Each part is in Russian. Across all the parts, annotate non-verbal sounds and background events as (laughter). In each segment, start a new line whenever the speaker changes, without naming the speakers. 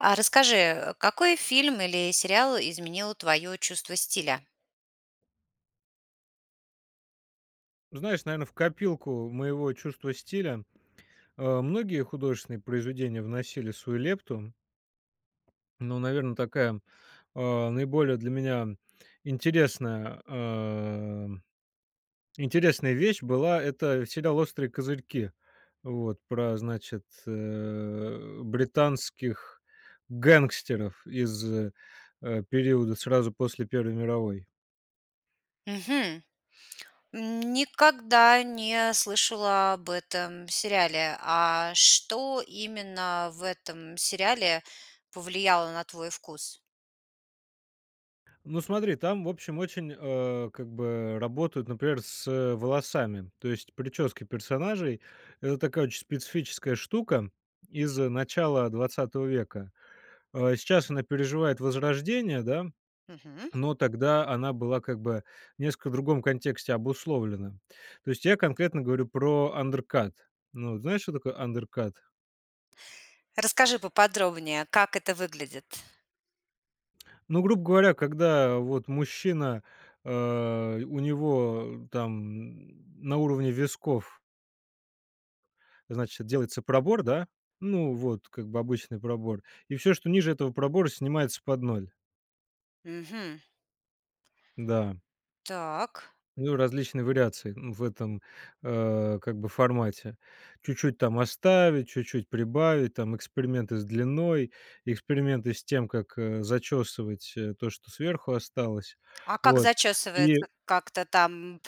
А расскажи, какой фильм или сериал изменил твое чувство стиля?
Ну, знаешь, наверно, в копилку моего чувства стиля, а, многие художественные произведения вносили свою лепту, но, наверно, такая, а, наиболее для меня интересная а, интересная вещь была- это сериал "Острые козырьки". Вот, про, значит, э, британских гангстеров из, э, периода сразу после Первой мировой.
Мгм. Никогда не слышала об этом сериале. А что именно в этом сериале повлияло на твой вкус?
Ну смотри, там, в общем, очень, а, как бы работают, например, с волосами. То есть прически персонажей- это такая очень специфическая штука из начала 20 века. А, сейчас она переживает возрождение, да,
Мгм.
но тогда она была как бы в несколько другом контексте обусловлена. То есть я конкретно говорю про undercut. Ну, знаешь, что такое undercut?
Расскажи поподробнее, как это выглядит.
Ну, грубо говоря, когда вот мужчина, а, у него там н на уровне висков значит, делается пробор, да. Ну вот как бы обычный пробор, и всё, что ниже этого пробора, снимается под ноль.
Мгм.
Да.
Так.
Ну, различные вариации, м, в этом, а, как бы формате. Чуть-чуть там оставить, чуть-чуть прибавить, там эксперименты с длиной, эксперименты с тем, как, э, зачёсывать, э, то, что сверху осталось.
А как
Вот.
зачёсывается,
И
как-то там, м,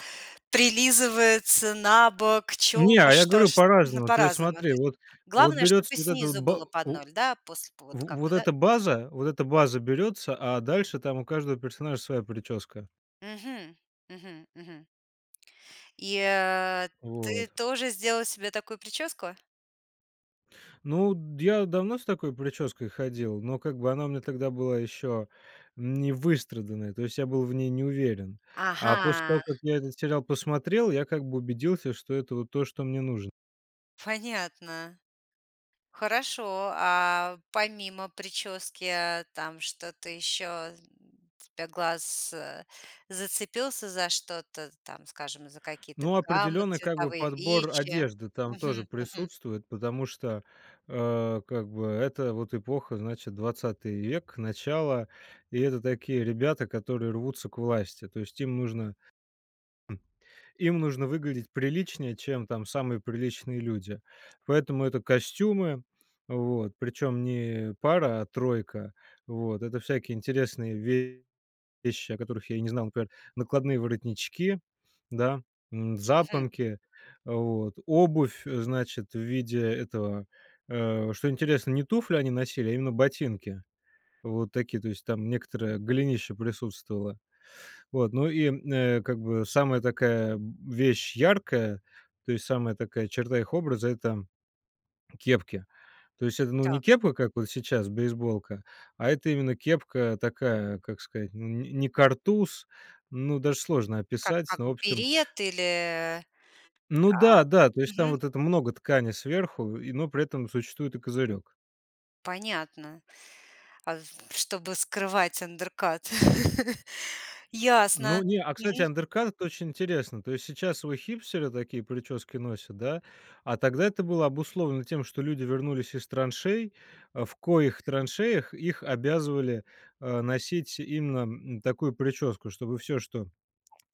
прилизывается, набок,
Не,
чёлка,
а я
что
говорю
ж? Ну,
по-разному, то есть,
по-разному, то
смотри:
есть
вот, вот
главное,
берётся
чтобы
вот эта
снизу
ба
было под
у
0, да, после вот
В
как
вот
бы, да?
эта
Мгм.
база, вот эта база берётся, а дальше там у каждого персонажа своя причёска.
Мгм, мгм, мгм. И, а, ты
Вот.
тоже сделал себе такую прическу?
Ну, я давно с такой причёской ходил, но как бы она мне тогда была еще не выстраданной, то есть я был в ней не уверен, а после
Ага.
того, как я этот сериал посмотрел, я как бы убедился, что это вот то, что мне нужно.
Понятно. Хорошо, а помимо причёски, а, там что-то еще, для глаз, э, зацепился за что-то, там, скажем, за какие-то
Ну,
гаммы
определенно, как бы
цветовые,
подбор
вещи?
одежды там тоже
Мгм, мгм.
присутствует, потому что, а, как бы это вот эпоха, значит, 20 век, начало, и это такие ребята, которые рвутся к власти. То есть им нужно им нужно выглядеть приличнее, чем там самые приличные люди. Поэтому это костюмы, вот, причём не пара, а тройка. Вот. Это всякие интересные вещи, о которых я и не знал, как: накладные воротнички, да, м,
Мгм.
запонки, вот, обувь, э, значит, в виде этого Э, что интересно: не туфли они носили, а именно ботинки вот такие, то есть там некоторое голенище присутствовало. Вот, ну и, э, как бы самая такая вещь яркая, то есть самая такая черта их образа- это кепки, то есть это не
Так.
кепка, как вот сейчас, бейсболка, а это именно кепка, такая, как сказать, н н не картуз, ну, даж сложно
Как
описать,
как
но общем
берет или, э
Ну
как
да, да. То есть там
Мгм.
вот это много ткани сверху и, но при этом существует и козырёк.
Понятно, а, в чтобы скрывать андеркат. (chuckles) Ясно.
Ну не, а, кстати,
Мгм.
андеркат- очень интересно. То есть сейчас его хипстеры, такие прически носят, да, а тогда это было обусловлено тем, что люди вернулись из траншей, а, в коих траншеях их обязывали, а, носить именно, м, такую прическу, чтобы всё, что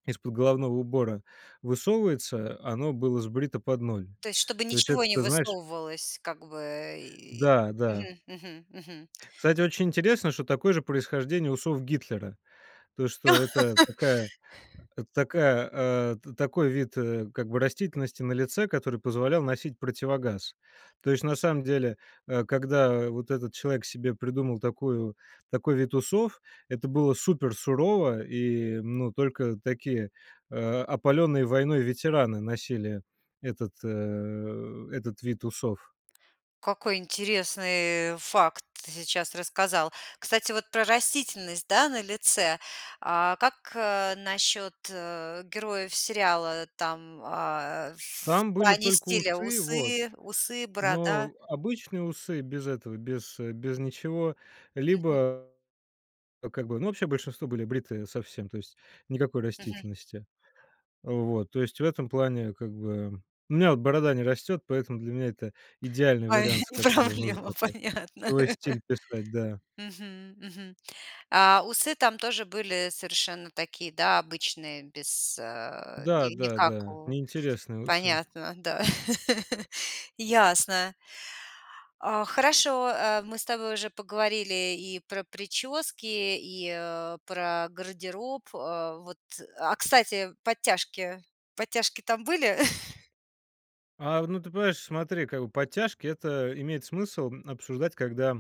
из-под головного убора высовывается, а, оно было сбрито под ноль.
То есть, чтобы
То есть
ничего
это,
не
ты знаешь
высовывалось как бы, э, и
Да да.
Мгм, мгм, мгм.
Кстати, очень интересно, что такое же происхождение усов Гитлера. То, что это
(laughs)
такая такая, а, т такой вид, э, как бы растительности на лице, который позволял носить противогаз. То есть на самом деле, э, когда вот этот человек себе придумал такую такой вид усов, это было супер сурово и, ну, только такие, а, опалённые войной ветераны носили этот, э, этот вид усов.
Какой интересный, э, факт ты сейчас рассказал. Кстати, вот про растительность, да, на лице. А как, э, насчёт, э, героев сериала? Там, а, э, в
Там были
плане
только
стиля:
усы, вот,
усы усы, борода?
но обычные усы без этого, без, э, без ничего,
Мгм.
либо то, как бы, ну, вообще большинство были бритые совсем, то есть никакой
Мгм.
растительности. Вот. То есть в этом плане, как бы У меня вот борода не растёт, поэтому для меня это идеальный
Ой,
вариант, с которым нужно
проблема,
(unintelligible)
понятно.
свой
(laughs)
стиль писать. Да.
Мгм, мгм. А усы там тоже были совершенно такие, да, обычные, без, а,
Да
ни
да
никак
да.
у
Неинтересные усы!
Понятно, да. (laughs) Ясно. А хорошо, э, мы с тобой уже поговорили и про причёски, и, а, про гардероб. А вот А, кстати, подтяжки подтяжки там были? (chuckles)
А, ну ты понимаешь, смотри, как подтяжки это имеет смысл обсуждать, когда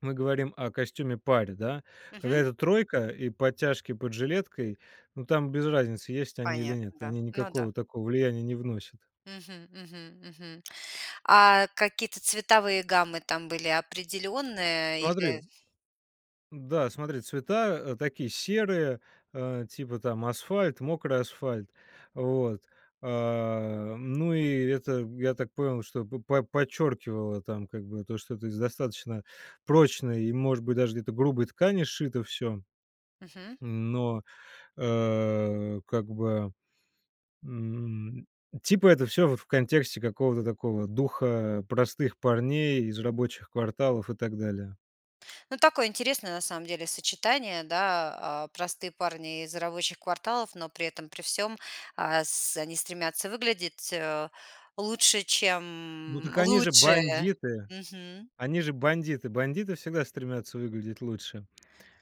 мы говорим о костюме-паре, да. Когда
Мгм.
это тройка и подтяжки под жилеткой, ну, там без разницы, есть они или нет.
Понятно, да.
Они
Ну да.
никакого такого влияния не вносят.
Мгм, мгм, мгм. А какие-то цветовые гаммы там были определенные или?
Смотри Да, смотри, цвета такие серые, э, типа там асфальт, мокрый асфальт, вот. Э, ну и это, я так понял, что по подчеркивало там как бы то, что это из достаточно прочной и, может быть, даже где-то грубой ткани сшито всё.
Мгм.
Но, э, как бы, м, типа это всё вот в контексте какого-то такого духа простых парней из рабочих кварталов и так далее.
Ну, такое интересное на самом деле сочетание, да, э, простые парни из рабочих кварталов, но при этом при всём ас они стремятся выглядеть лучше,
Ну
чем
так они же
лучшие.
бандиты,
Мгм.
они же бандиты! Бандиты всегда стремятся выглядеть лучше,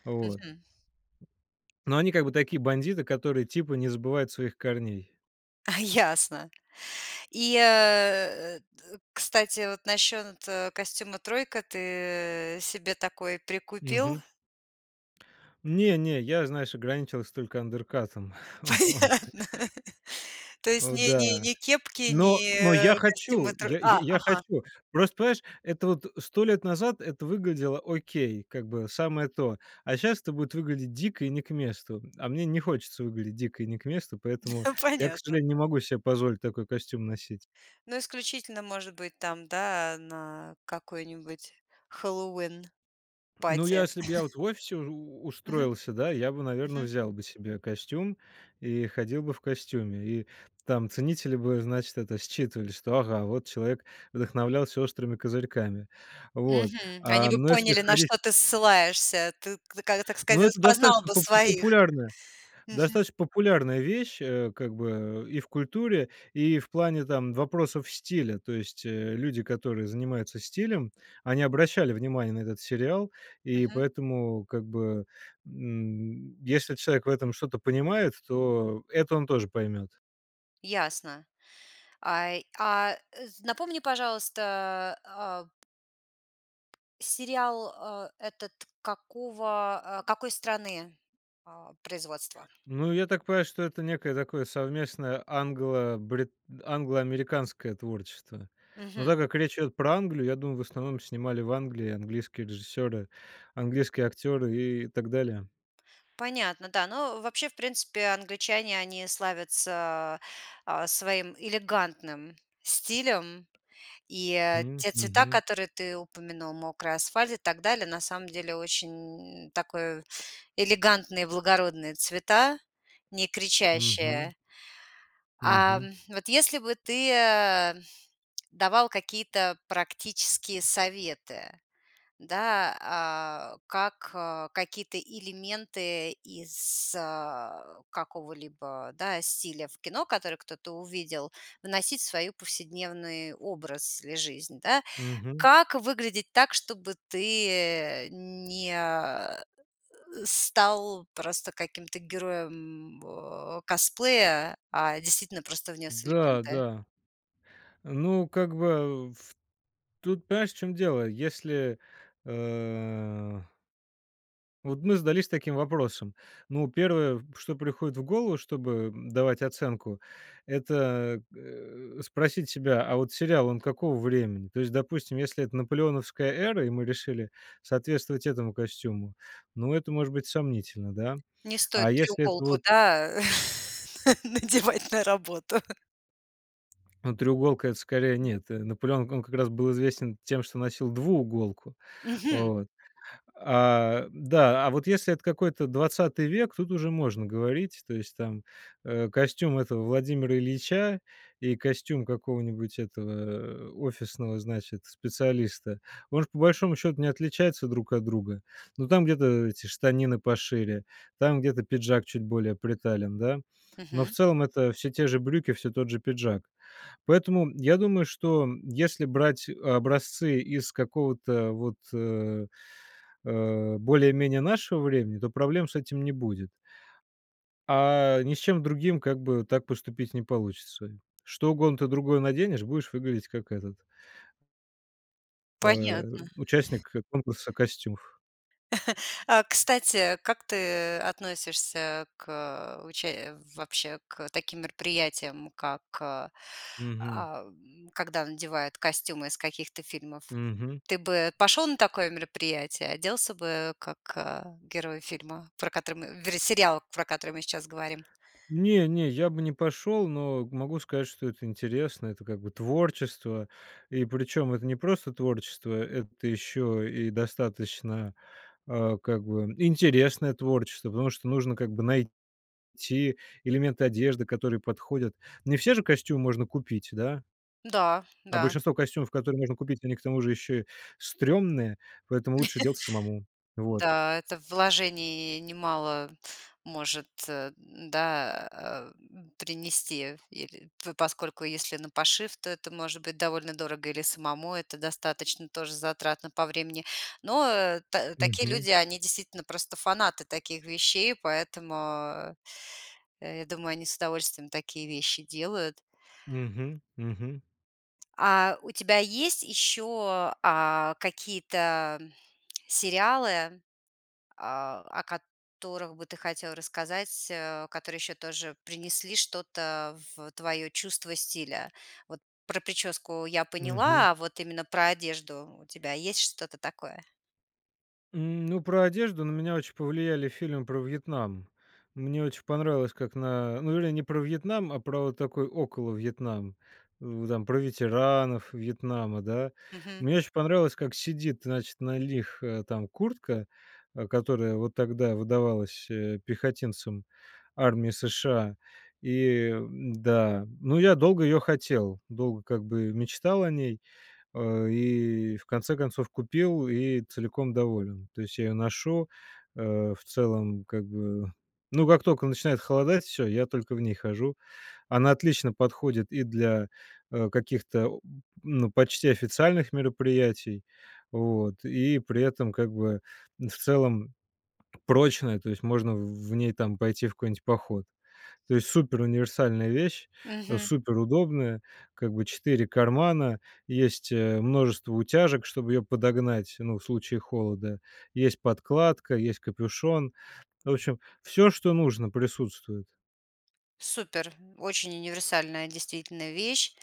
вот.
Мгм.
Но они как бы такие бандиты, которые, типа, не забывают своих корней.
(chuckles) Ясно. И, э, т кстати, вот насчет костюма-тройки, ты себе такой прикупил?
Мгм. Не, не, я, знаешь, ограничился только андеркатом, вот.
Понятно. То есть
О
ни ни
да.
ни кепки,
Но но я
ни костюма
хочу,
тро
я я
а,
я
ага.
хочу. Просто, понимаешь, это вот 100 лет назад это выглядело окей как бы, самое то, а щас это будет выглядеть дико и не к месту, а мне не хочется выглядеть дико и не к месту, поэтому
(chuckles)
я, к
Понятно,
сожалению, не
да.
могу себе позволить такой костюм носить.
Ну, исключительно может быть там, да, на какой-нибудь Хэллоуин
Ну я,
party.
если б я
(chuckles)
вот в офисе у
Мгм.
устроился, да, я бы, наверное,
Мгм.
взял бы себе костюм и ходил бы в костюме, и там ценители бы, значит, это считывали, что, ага, вот человек вдохновлялся "Острыми козырьками". Вот.
Мгм. Они
А,
бы
ну если
поняли, на
ходить
что ты ссылаешься, ты, т так
ну,
сказать,
это
распознал
достаточно
бы
попо
своих.
пулярная,
Мгм.
достаточно популярная вещь, э, как бы и в культуре, и в плане там вопросов стиля, то есть, э, люди, которые занимаются стилем, они обращали внимание на этот сериал, и
Мгм.
поэтому как бы, м, если человек в этом что-то понимает, то это он тоже поймет.
Ясно. А, й а, ы, напомни, пожалуйста, а сериал, э, этот какого, какой страны, э, производства?
Ну, я так понимаю, что это некое такое совместное англо-бри англо-американское творчество, но
Мгм.
так как речь идет про Англию, я думаю, в основном снимали в Англии английские режиссеры, английские актеры и так далее.
Понятно, да. Но вообще в принципе англичане, они славятся, а, своим элегантным стилем. И
М,
те цвета,
мгм.
которые ты упомянул- мокрый асфальт и так далее, на самом деле очень такое элегантные, благородные цвета, не
Мгм.
кричащие.
Мгм.
Ам, вот если бы ты, э, давал какие-то практические советы, да, а, как какие-то элементы из, а, какого-либо, да, стиля в кино, который кто-то увидел, вносить в свою повседневный образ или жизнь, да.
Мгм.
Как выглядеть так, чтобы ты не стал просто каким-то героем, о, косплея, а действительно просто внес
Да,
элементы?
да. Ну, как бы в тут, понимаешь, в чём дело. Если, а вот мы задались таким вопросом. Ну, первое, что приходит в голову, чтобы давать оценку- это, э, спросить себя: "А вот сериал, он какого времени?" То есть, допустим, если это наполеоновская эра, и мы решили соответствовать этому костюму, ну, это может быть сомнительно, да.
Не стоит
А если это
треуголку,
вот
да, на надевать на работу?
Ну, треуголка- это скорее нет. Наполеон, он как раз был известен тем, что носил двууголку.
Мгм!
Вот. А, да. А вот если это какой-то 20 век- тут уже можно говорить. То есть там, э, костюм этого Владимира Ильича и костюм какого-нибудь этого, э, офисного, значит, специалиста, может, по большому счету не отличаются друг от друга. Но там где-то эти штанины пошире, там где-то пиджак чуть более притален, да. Но в
Мгм.
целом это всё те же брюки, всё тот же пиджак. Поэтому я думаю, что если брать образцы из какого-то вот, а, а, более-менее нашего времени, то проблем с этим не будет, а ни с чем другим как бы так поступить не получится. Что угодно ты другое наденешь, будешь выглядеть как этот э,
Понятно. (chuckles)
участник конкурса костюмов.
(chuckles) А, кстати, как ты относишься к уча вообще к таким мероприятиям, как, а,
Мгм.
когда надевают костюмы из каких-то фильмов?
Мгм.
Ты бы пошел на такое мероприятие, оделся бы как герой фильма, про который мы вернее, сериал, про который мы сейчас говорим?
Не, не, я бы не пошел, но могу сказать, что это интересно. Это как бы творчество, и причем это не просто творчество, это еще и достаточно, а, как бы интересное творчество, потому что нужно как бы найти элементы одежды, которые подходят. Не все же костюмы можно купить, да?
Да,
А
да.
большинство костюмов, которые можно купить, они к тому же еще стремные, поэтому лучше делать самому.
(chuckles)
Вот.
Да, это вложений немало может, да, а, принести, или По поскольку если на пошив, то это может быть довольно дорого, или самому это достаточно тоже затратно по времени. Но та такие
Мгм.
люди, они действительно просто фанаты таких вещей, поэтому, я думаю, они с удовольствием такие вещи делают.
Мгм, мгм.
А у тебя есть еще, а, какие-то сериалы, а, о которых бы ты хотел рассказать, э, которые еще тоже принесли что-то в твое чувство стиля? Вот про прическу я
Мгм.
поняла, а вот именно про одежду у тебя есть что-то такое?
Ну, про одежду на меня очень повлияли фильмы про Вьетнам. Мне очень понравилось, как на ну или не про Вьетнам, а про вот такой около Вьетнам, м, там про ветеранов Вьетнама, да.
Мгм.
Мне очень понравилось, как сидит, значит, на лих э, там куртка, а, которая вот тогда выдавалась, э, пехотинцам армии США, и, м-да, ну, я долго её хотел, долго, как бы, мечтал о ней, а, и в конце концов купил и целиком доволен. То есть я её ношу, а, в целом, как бы, ну, как только начинает холодать, всё, я только в ней хожу. Она отлично подходит и для, а, каких-то о ну, почти официальных мероприятий, вот, и при этом, как бы, в целом прочная, то есть можно в в ней там пойти в какой-нибудь поход. То есть суперуниверсальная вещь, а,
Мгм.
суперудобная, как бы, 4 кармана, есть, э, множество утяжек, чтобы её подогнать, ну, в случае холода, есть подкладка, есть капюшон. В общем, всё, что нужно, присутствует.
Супер, очень универсальная действительно вещь.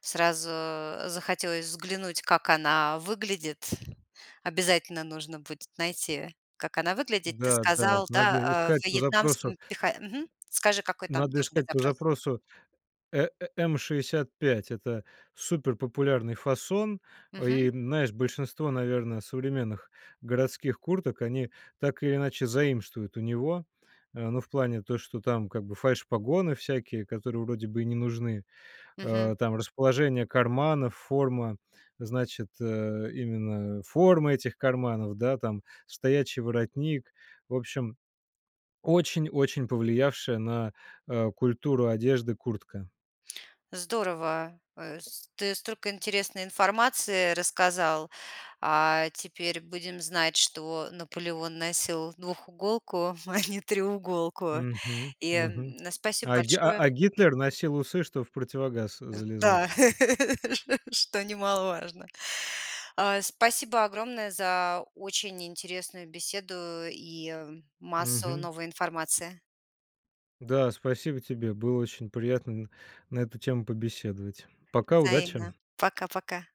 Сразу захотелось взглянуть, как она выглядит. Обязательно нужно будет найти, как она выглядит. Ты
Да-да, это
сказал, да,
надо
а
искать по запросу,
вьетнамским
э
пеха мгм, скажи, какой там
Надо
должен быть
искать по
запрос.
запросу э э М65- это суперпопулярный фасон, а,
Мгм.
и знаешь, большинство, наверное, современных городских курток они так или иначе заимствуют у него, а, ну, в плане то, что там как бы фальш-погоны всякие, которые вроде бы и не нужны,
Мгм.
а, там расположение карманов, форма, значит, э, именно форма этих карманов, да, там, стоячий воротник, в общем, очень очень повлиявшая на, а, культуру одежды куртка.
Здорово, э с ты столько интересной информации рассказал. А, теперь будем знать, что Наполеон носил двухуголку, а не треуголку.
Мгм,
И,
мгм.
м, спасибо
А Ги а
большое!
а Гитлер носил усы, чтобы в противогаз
Да,
залезать.
(laughs) ш что немаловажно. А, спасибо огромное за очень интересную беседу и, э, массу
Мгм.
новой информации.
Да, спасибо тебе, было очень приятно н на эту тему побеседовать. Пока, удачи!
Взаимно. Пока пока.